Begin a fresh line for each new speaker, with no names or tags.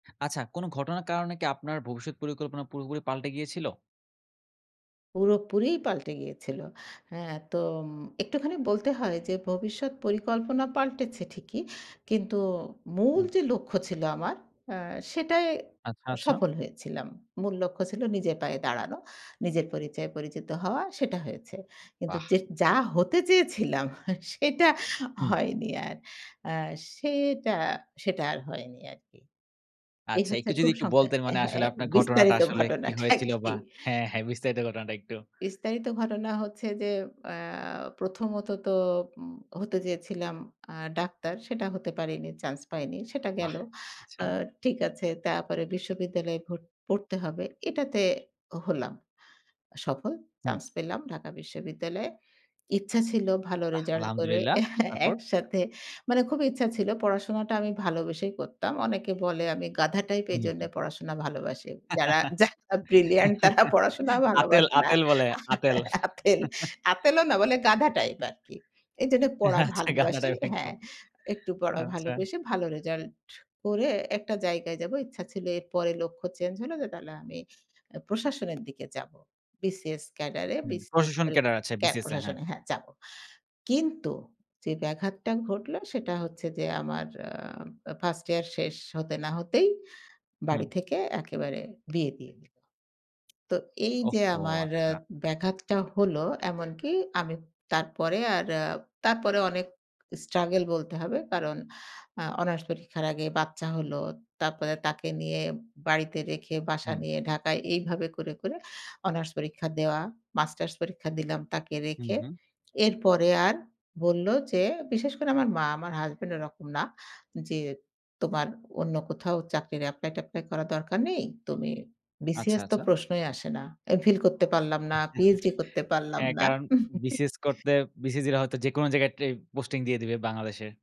আচ্ছা কোনো ঘটনার কারণে কি আপনার ভবিষ্যৎ পরিকল্পনা পুরোপুরি পাল্টে গিয়েছিল?
পুরোপুরিই পাল্টে গিয়েছিল। হ্যাঁ তো উম একটুখানি বলতে হয় যে ভবিষ্যৎ পরিকল্পনা পাল্টেছে ঠিকই, কিন্তু মূল
উম
যে লক্ষ্য ছিল আমার, আ সেটাই
আচ্ছা,
আ
আচ্ছা।
সফল হয়েছিলাম। মূল লক্ষ্য ছিল নিজের পায়ে দাঁড়ানো। নিজের পরিচয়ে পরিচিত হওয়া সেটা হয়েছে। কিন্তু
বাহ!
যেট যা হতে চেয়েছিলাম সেটা
হুম।
হয়নি আর। অ্যা সেটা সেটা আর হয়নি আরকি। এই
আচ্ছা
হচ্ছে
একটু যদি
খুব
একটু
সংক্ষে
বলতেন মানে আসলে
হ্যাঁ
আপনার ঘটনাটা
বিস্তারিত
আসলে কি
ঘটনা টা
হয়েছিল বা
কি
হ্যাঁ, হ্যাঁ বিস্তারিত ঘটনাটা একটু?
বিস্তারিত ঘটনা হচ্ছে যে অ্যা প্রথমত তো উম হতে চেয়েছিলাম আ ডাক্তার, সেটা হতে পারেনি, চান্স পাইনি, সেটা
বাহ!
গেল।
আচ্ছা।
আ ঠিক আছে তারপরে বিশ্ববিদ্যালয়ে ভর পড়তে হবে, এটাতে হলাম সফল,
হুম।
চান্স পেলাম ঢাকা বিশ্ববিদ্যালয়ে। ইচ্ছা ছিল ভালো
বাহ!
রেজাল্ট করে
আলহামদুলিল্লাহ। তারপর?
একসাথে মানে খুবই ইচ্ছা ছিল পড়াশোনাটা আমি ভালোবেসেই করতাম। অনেকে বলে আমি গাধ টাইপ
হুম,
এজন্যে
হুম।
পড়াশোনা ভালোবাসি। যারা যারা ব্রিলিয়ান্ট তারা পড়াশোনা
আঁতেল,
ভালোবাসে না।
আঁতেল বলে, আঁতেল।
আ আতেল, আঁতেলও না বলে গাধ টাইপ আরকি। এইজন্য পড়া
আচ্ছা গাধ
ভালোবাসি
টাইপ
হ্যাঁ।
একদম।
একটু পড়া
আচ্ছা।
ভালোবেসে ভালো রেজাল্ট করে একটা জায়গায় যাব ইচ্ছা ছিল। এর পরে লক্ষ্য চেঞ্জ হল যে তাহলে আমি অ্যা প্রশাসনের দিকে যাবো। BCS ক্যাডারে
হু,
BCS
প্রশাসন
এর
ক্যাডার আছে
ক্যাব
BCS এ হ্যাঁ।
প্রশাসনে হ্যাঁ যাবো। কিন্তু যে ব্যাঘাতটা ঘটলো সেটা হচ্ছে যে আমার আ আ 1st ইয়ার শেষ হতে না হতেই বাড়ি
হুম।
থেকে একেবারে বিয়ে দিয়ে দিলো। তো এইযে
ওহহো!
আমার অ্যা
আচ্ছা।
ব্যাঘাতটা হল, এমনকি আমি তারপরে আর আ তারপরে অনেক স্ট্রাগেল বলতে হবে। কারণ আ অনার্স পরীক্ষার আগে বাচ্চা হল। তারপরে তাকে নিয়ে বাড়িতে রেখে বাসা
হুম।
নিয়ে ঢাকায় এইভাবে করে, করে অনার্স পরীক্ষা দেওয়া। মাস্টার্স পরীক্ষা দিলাম তাকে
হু,
রেখে।
হু।
এরপরে আর বলল যে বিশেষ করে আমার মা, আমার হাসব্যান্ড এরকম না। যে, "তোমার অন্য কোথাও চাকরির এপ্লাই-ট্যাপ্লাই করার দরকার নেই। তুমি"
আচ্ছা,
BCS তো
আচ্ছা।
প্রশ্নই আসে না। Mphill করতে পারলাম না, PHD করতে পারলাম
হ্যাঁ,
না।
কারণ BCS করতে BCG রা হয়তো যেকোনো জায়গায় ট্রে পোস্টিং দিয়ে দিবে বাংলাদেশের।